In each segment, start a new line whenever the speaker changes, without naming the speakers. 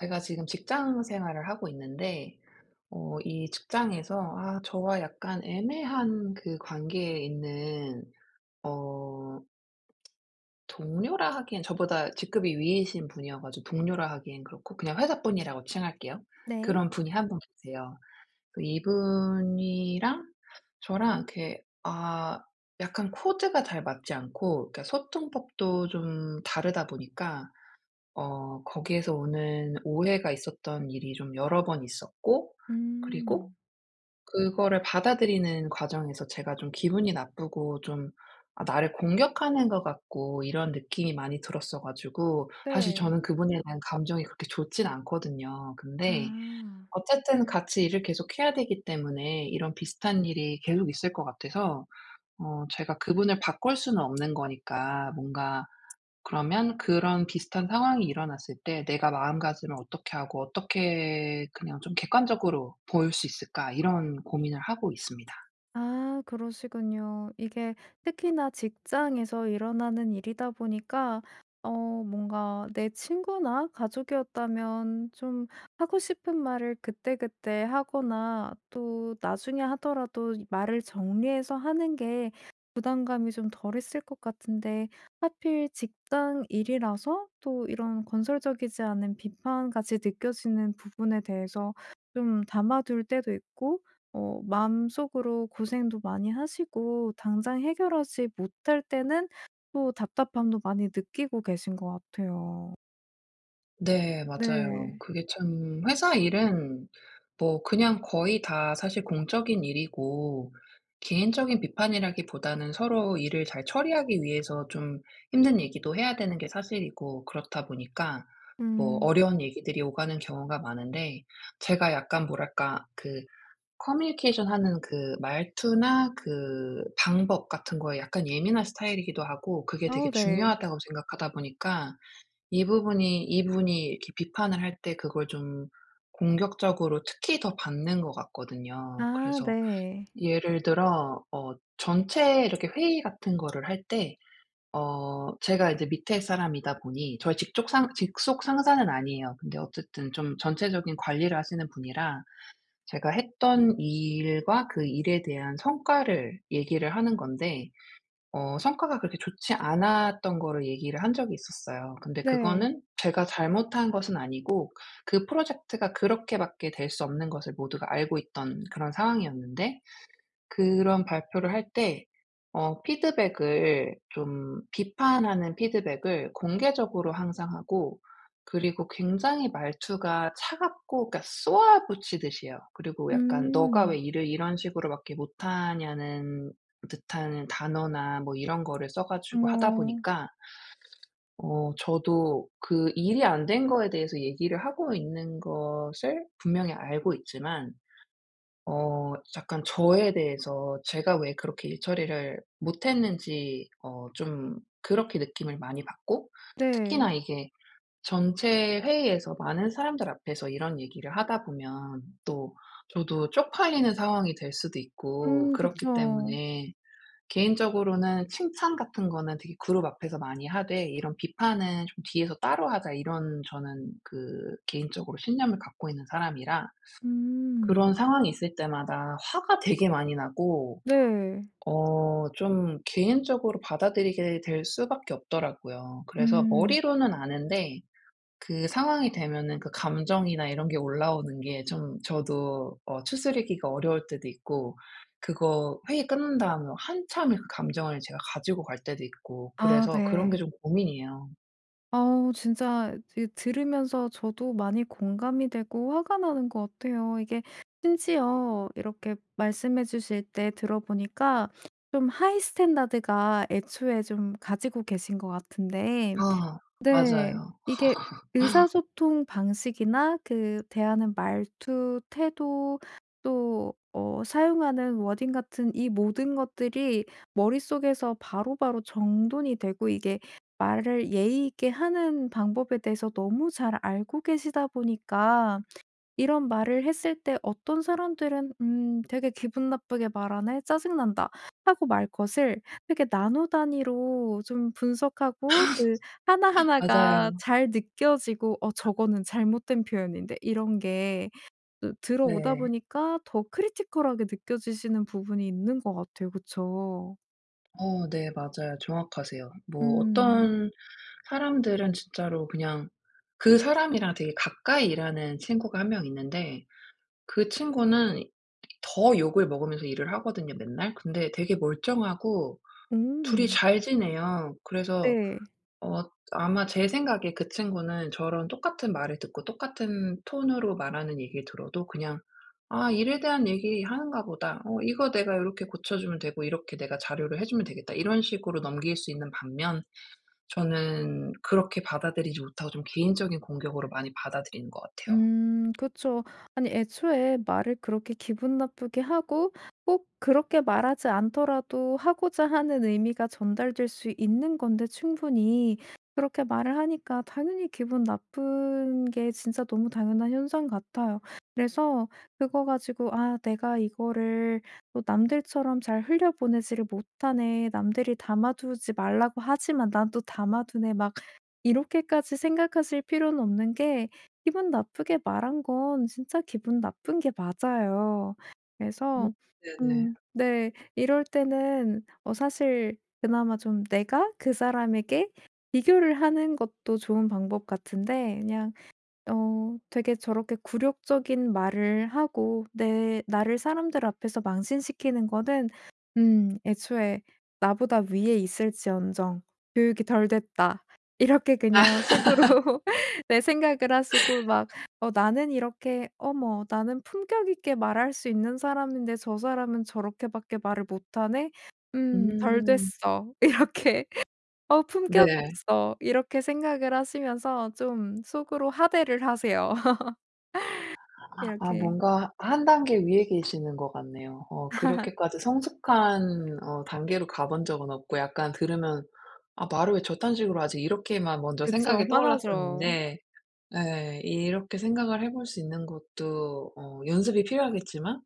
제가 지금 직장 생활을 하고 있는데 어 이 직장에서 아 저와 약간 애매한 그 관계에 있는 어 동료라 하기에는 저보다 직급이 위이신 분이어 가지고 동료라 하기에는 그렇고 그냥 회사 분이라고 칭할게요.
네.
그런 분이 1 분 계세요. 그 이분이랑 저랑 이렇게 아 약간 코드가 잘 맞지 않고 그러니까 소통법도 좀 다르다 보니까 어 거기에서 오는 오해가 있었던 일이 좀 여러 번 있었고 그리고
음.
그거를 받아들이는 과정에서 제가 좀 기분이 나쁘고 좀 아 나를 공격하는 것 같고 이런 느낌이 많이 들었어 가지고 사실
네.
저는 그분에 대한 감정이 그렇게 좋지는 않거든요. 근데
아.
어쨌든 같이 일을 계속해야 되기 때문에 이런 비슷한 일이 계속 있을 것 같아서 어 제가 그분을 바꿀 수는 없는 거니까 뭔가 그러면 그런 비슷한 상황이 일어났을 때 '내가 마음가짐을 어떻게 하고 어떻게 그냥 좀 객관적으로 볼 수 있을까?' 이런 고민을 하고 있습니다.
아 그러시군요. 이게 특히나 직장에서 일어나는 일이다 보니까 어 뭔가 내 친구나 가족이었다면 좀 하고 싶은 말을 그때그때 하거나 또 나중에 하더라도 말을 정리해서 하는 게 부담감이 좀 덜 했을 것 같은데 하필 직장 일이라서 또 이런 건설적이지 않은 비판같이 느껴지는 부분에 대해서 좀 담아둘 때도 있고 어 마음속으로 고생도 많이 하시고 당장 해결하지 못할 때는 또 답답함도 많이 느끼고 계신 것 같아요.
네 맞아요.
네.
그게 참 회사 일은 뭐 그냥 거의 다 사실 공적인 일이고 개인적인 비판이라기보다는 서로 일을 잘 처리하기 위해서 좀 힘든 얘기도 해야 되는 게 사실이고 그렇다 보니까 뭐
음.
어려운 얘기들이 오가는 경우가 많은데 제가 약간 뭐랄까? 그 커뮤니케이션하는 그 말투나 그 방법 같은 거에 약간 예민한 스타일이기도 하고 그게
아
되게
네.
중요하다고 생각하다 보니까 이 부분이 이 분이 이렇게 비판을 할 때 그걸 좀 공격적으로 특히 더 받는 것 같거든요.
아
그래서
네.
예를 들어 어 전체 이렇게 회의 같은 거를 할 때 어 제가 이제 밑에 사람이다 보니 저희 직족 상 직속 상사는 아니에요. 근데 어쨌든 좀 전체적인 관리를 하시는 분이라 제가 했던 일과 그 일에 대한 성과를 얘기를 하는 건데 어 성과가 그렇게 좋지 않았던 거를 얘기를 한 적이 있었어요. 근데
네.
그거는 제가 잘못한 것은 아니고 그 프로젝트가 그렇게밖에 될 수 없는 것을 모두가 알고 있던 그런 상황이었는데 그런 발표를 할 때 어 피드백을 좀 비판하는 피드백을 공개적으로 항상 하고 그리고 굉장히 말투가 차갑고 그러니까 쏘아붙이듯이 해요. 그리고 약간 "네가
음.
왜 일을 이런 식으로밖에 못하냐?"는 듯한 단어나 뭐 이런 거를 써 가지고 하다
어머.
보니까 어 저도 그 일이 안 된 거에 대해서 얘기를 하고 있는 것을 분명히 알고 있지만 어 약간 저에 대해서 제가 왜 그렇게 일 처리를 못했는지 어 좀 그렇게 느낌을 많이 받고
네.
특히나 이게 전체 회의에서 많은 사람들 앞에서 이런 얘기를 하다 보면 또 저도 쪽팔리는 상황이 될 수도 있고
음
그렇기
그쵸.
때문에 개인적으로는 '칭찬 같은 거는 되게 그룹 앞에서 많이 하되 이런 비판은 좀 뒤에서 따로 하자.' 이런 저는 그 개인적으로 신념을 갖고 있는 사람이라
음.
그런 상황이 있을 때마다 화가 되게 많이 나고
네.
어 좀 개인적으로 받아들이게 될 수밖에 없더라고요. 그래서
음.
머리로는 아는데 그 상황이 되면은 그 감정이나 이런 게 올라오는 게 좀 저도 어 추스르기가 어려울 때도 있고 그거 회의 끝난 다음에 한참을 그 감정을 제가 가지고 갈 때도 있고
아
그래서 그런 게
네.
좀 고민이에요.
어우 진짜 드 들으면서 저도 많이 공감이 되고 화가 나는 것 같아요. 이게 심지어 이렇게 말씀해 주실 때 들어 보니까 좀 하이 스탠다드가 애초에 좀 가지고 계신 것 같은데
아
네.
맞아요.
이게 의사소통 방식이나 그 대하는 말투, 태도, 또 어 사용하는 워딩 같은 이 모든 것들이 머릿속에서 바로바로 정돈이 되고 이게 말을 예의 있게 하는 방법에 대해서 너무 잘 알고 계시다 보니까 이런 말을 했을 때 어떤 사람들은 "음 되게 기분 나쁘게 말하네. 짜증 난다." 하고 말 것을 이렇게 나노 단위로 좀 분석하고 그 하나하나가
맞아요.
잘 느껴지고 "어 저거는 잘못된 표현인데?" 이런 게 그 들어오다
네.
보니까 더 크리티컬하게 느껴지시는 부분이 있는 것 같아요. 그쵸.
어 네. 맞아요. 정확하세요. 뭐
음.
어떤 사람들은 진짜로 그냥 그 사람이랑 되게 가까이 일하는 친구가 1 명 있는데 그 친구는 더 욕을 먹으면서 일을 하거든요, 맨날. 근데 되게 멀쩡하고 2 이
음.
잘 지내요. 그래서
네.
어 아마 제 생각에 그 친구는 저랑 똑같은 말을 듣고 똑같은 톤으로 말하는 얘기를 들어도 그냥 '아 일에 대한 얘기 하는가 보다. 어 이거 내가 요렇게 고쳐주면 되고 이렇게 내가 자료를 해주면 되겠다.' 이런 식으로 넘길 수 있는 반면 저는 그렇게 받아들이지 못하고 좀 개인적인 공격으로 많이 받아들이는 것 같아요.
음. 그쵸. 아니 애초에 말을 그렇게 기분 나쁘게 하고 꼭 그렇게 말하지 않더라도 하고자 하는 의미가 전달될 수 있는 건데, 충분히. 그렇게 말을 하니까 당연히 기분 나쁜 게 진짜 너무 당연한 현상 같아요. 그래서 그거 가지고 '아 내가 이거를 또 남들처럼 잘 흘려 보내지를 못하네. 남들이 담아두지 말라고 하지만 난 또 담아두네.' 막 이렇게까지 생각하실 필요는 없는 게 기분 나쁘게 말한 건 진짜 기분 나쁜 게 맞아요.
음
그래서
네네.
음 네 이럴 때는 어 사실 그나마 좀 내가 그 사람에게 비교를 하는 것도 좋은 방법 같은데 그냥 어 되게 저렇게 굴욕적인 말을 하고 내 나를 사람들 앞에서 망신시키는 거는 음 '애초에 나보다 위에 있을지언정 교육이 덜 됐다.' 이렇게 그냥 속으로 네 생각을 하시고 막 어 나는 이렇게 '어머 나는 품격있게 말할 수 있는 사람인데 저 사람은 저렇게 밖에 말을 못 하네. 음 덜
음.
됐어.' 이렇게. '어 품격
네.
없어.' 이렇게 생각을 하시면서 좀 속으로 하대를 하세요,
아
이렇게.
뭔가 1 단계 위에 계시는 것 같네요. 어 그렇게까지 성숙한 어 단계로 가 본 적은 없고 약간 들으면 '아 말을 왜 저딴 식으로 하지?' 이렇게만 먼저
그쵸.
생각이
화나죠.
떠올랐었는데. 예 이렇게 생각을 해 볼 수 있는 것도 어 연습이 필요하겠지만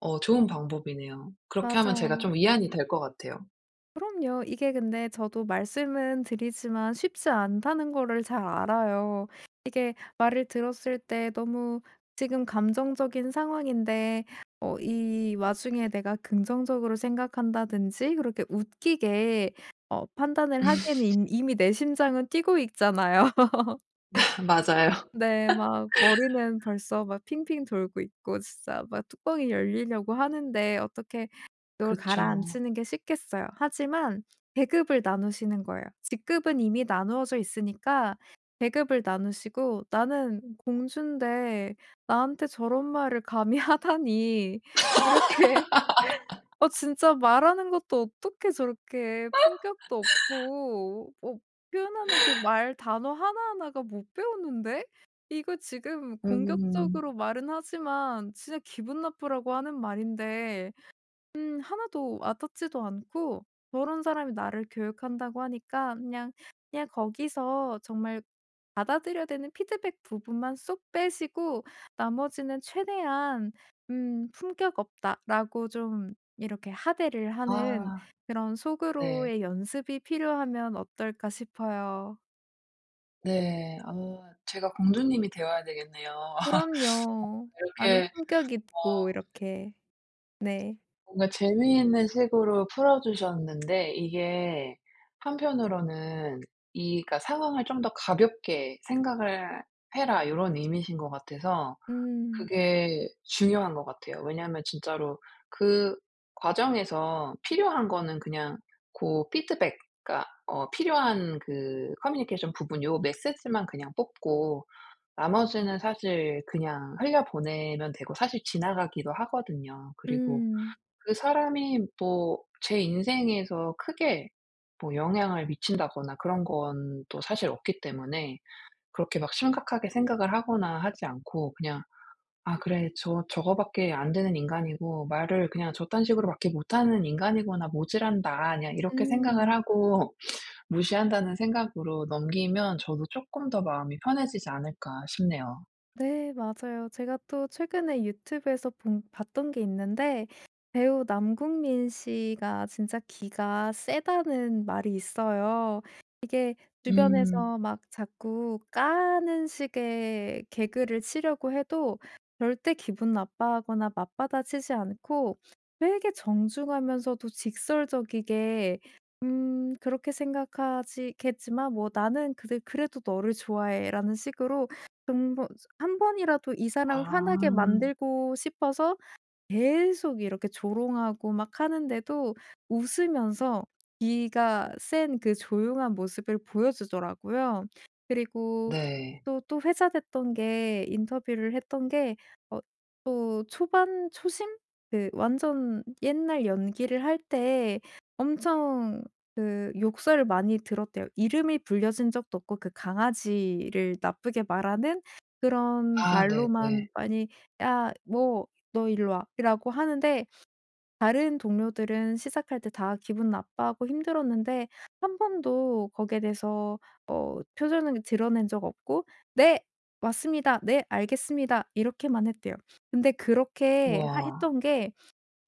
어 좋은 방법이네요. 그렇게 하면 제가
맞아요.
좀 위안이 될 것 같아요.
그럼요. 이게 근데 저도 말씀은 드리지만 쉽지 않다는 거를 잘 알아요. 이게 말을 들었을 때 너무 지금 감정적인 상황인데 어 이 와중에 내가 긍정적으로 생각한다든지 그렇게 웃기게 어 판단을 하기에는 이 이미 내 심장은 뛰고 있잖아요.
맞아요.
네. 막 머리는 벌써 막 핑핑 돌고 있고 진짜 막 뚜껑이 열리려고 하는데 어떻게 열
그쵸.
가라앉히는 게 쉽겠어요. 하지만 계급을 나누시는 거예요. 직급은 이미 나누어져 있으니까 계급을 나누시고 "나는 공주인데 나한테 저런 말을 감히 하다니." 이렇게. "어 진짜 말하는 것도 어떻게 저렇게 품격도 없고 어 표현하는 그 말 단어 하나하나가 못 배웠는데? 이거 지금
음.
공격적으로 말은 하지만 진짜 기분 나쁘라고 하는 말인데 음 1 도 와닿지도 않고" 저런 사람이 나를 교육한다고 하니까 그냥 그냥 거기서 정말 받아들여야 되는 피드백 부분만 쏙 빼시고 나머지는 최대한 "음 품격 없다."라고 좀 이렇게 하대를 하는
아
그런
네.
'속으로의 연습이 필요하면 어떨까?' 싶어요.
네. 아 제가 공주님이 되어야 되겠네요. 어
그럼요. 나는
그렇게
품격
어
있고 이렇게. 네.
뭔가 재미있는 식으로 풀어 주셨는데 이게 한편으로는 이 그러니까 "상황을 좀 더 가볍게 생각을 해라." 요런 의미신 것 같아서
음.
그게 중요한 것 같아요. 왜냐하면 진짜로 그 과정에서 필요한 거는 그냥 고 피드백 그니까 어 필요한 그 커뮤니케이션 부분 요 메시지만 그냥 뽑고 나머지는 사실 그냥 흘려 보내면 되고 사실 지나가기도 하거든요. 그리고
음.
그 사람이 뭐 제 인생에서 크게 뭐 영향을 미친다거나 그런 건 또 사실 없기 때문에 그렇게 막 심각하게 생각을 하거나 하지 않고 그냥 '아 그래. 저 저거 밖에 안되는 인간이고 말을 그냥 저딴 식으로 밖에 못하는 인간이구나. 모지란다.' 그냥 이렇게 생각을
음.
하고 무시한다는 생각으로 넘기면 저도 '쪼끔 더 마음이 편해지지 않을까?' 싶네요.
네 맞아요. 제가 또 최근에 유튜브에서 본 봤던 게 있는데 배우 남궁민 씨가 진짜 기가 세다는 말이 있어요. 이게
음.
주변에서 막 자꾸 까는 식의 개그를 치려고 해도 절대 기분 나빠하거나 맞받아치지 않고 되게 정중하면서도 직설적이게 '음 그렇게 생각하지 겠지만 뭐 나는 그래 그래도 너를 좋아해' 라는 식으로 근본 1 번이라도 이 사람을 화나게
아.
만들고 싶어서 계속 이렇게 조롱하고 막 하는데도 웃으면서 기가 센 그 조용한 모습을 보여주더라고요. 그리고
네.
또 또 회자됐던 게 인터뷰를 했던 게 어 또 초반 초심? 그 완전 옛날 연기를 할 때 엄청 그 욕설을 많이 들었대요. 이름이 불려진 적도 없고 그 강아지를 나쁘게 말하는 그런
아
말로만
네네.
많이 "야 뭐 너 일루 와."라고 하는데 다른 동료들은 시작할 때 다 기분 나빠하고 힘들었는데 1 번도 거기에 대해서 어 표정을 드러낸 적 없고 "네 왔습니다. 네 알겠습니다." 이렇게만 했대요. 근데 그렇게
우와.
하 했던 게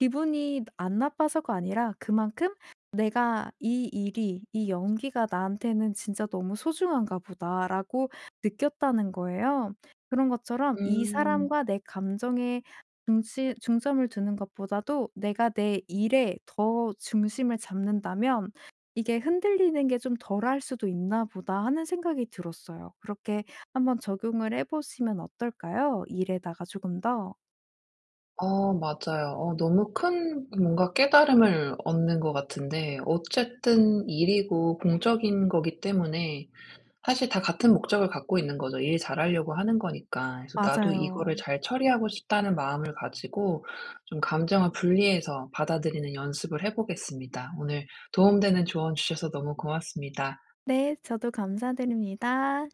기분이 안 나빠서가 아니라 그만큼 '내가 이 일이 이 연기가 나한테는 진짜 너무 소중한가 보다.'라고 느꼈다는 거예요. 그런 것처럼 이
음.
사람과 내 감정에 중심 중점을 두는 것보다도 '내가 내 일에 더 중심을 잡는다면 이게 흔들리는 게 좀 덜 할 수도 있나 보다.' 하는 생각이 들었어요. 그렇게 한번 적용을 해 보시면 어떨까요, 일에다가 조금 더?
어 맞아요. 어 너무 큰 뭔가 깨달음을 얻는 것 같은데 어쨌든 일이고 공적인 거기 때문에 사실 다 같은 목적을 갖고 있는 거죠 일 잘하려고 하는 거니까. 그래서 '나도
맞아요.
이거를 잘 처리하고 싶다.'는 마음을 가지고 좀 감정을 분리해서 받아들이는 연습을 해 보겠습니다. 오늘 도움 되는 조언 주셔서 너무 고맙습니다.
네. 저도 감사드립니다.